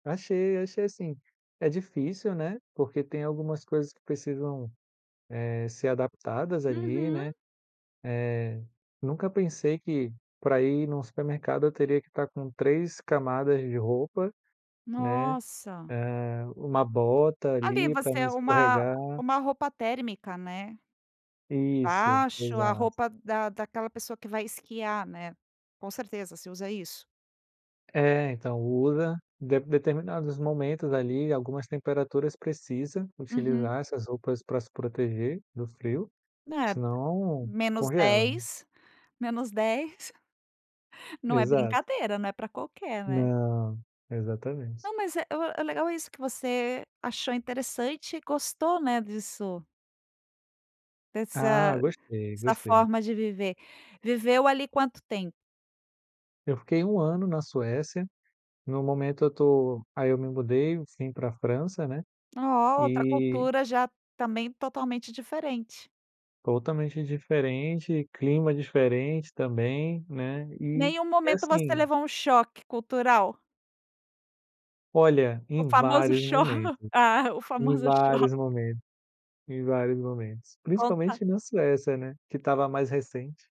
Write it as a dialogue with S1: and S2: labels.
S1: Achei, achei assim, é difícil, né, porque tem algumas coisas que precisam, eh, ser adaptadas ali,
S2: Uhum.
S1: né, eh, nunca pensei que, para ir num supermercado, eu teria que estar com 3 camadas de roupa, né?
S2: Nossa!
S1: Eh, uma bota
S2: Ali
S1: ali pra não
S2: você uma
S1: escorregar.
S2: uma roupa térmica, né?
S1: Isso,
S2: Debaixo, a
S1: exato.
S2: roupa da daquela pessoa que vai esquiar, né. Com certeza se usa isso.
S1: É, então, usa. De determinados momentos ali, algumas temperaturas precisa
S2: Uhum.
S1: utilizar essas roupas pra se proteger do frio,
S2: Né?
S1: senão
S2: menos
S1: congela.
S2: dez, -10. Não é
S1: Exato.
S2: brincadeira, né pra qualquer, né?
S1: Não, exatamente.
S2: Não, mas é é legal isso que você achou interessante e gostou, né, disso.
S1: Ah,
S2: Dessa
S1: gostei,
S2: dessa
S1: gostei.
S2: forma de viver. Viveu ali quanto tempo?
S1: Eu fiquei 1 ano na Suécia. No momento, eu estou aí eu me mudei, enfim, para França, né,
S2: Ó, outra
S1: e
S2: cultura já também totalmente diferente.
S1: Totalmente diferente. Clima diferente também, né, e
S2: Nenhum
S1: e
S2: momento você
S1: assim
S2: levou um choque cultural?
S1: Olha,
S2: O
S1: em
S2: famoso
S1: vários
S2: cho
S1: momentos,
S2: ah, o
S1: em
S2: famoso cho
S1: vários momentos, em vários momentos,
S2: Conta
S1: principalmente na Suécia, né, que estava mais recente.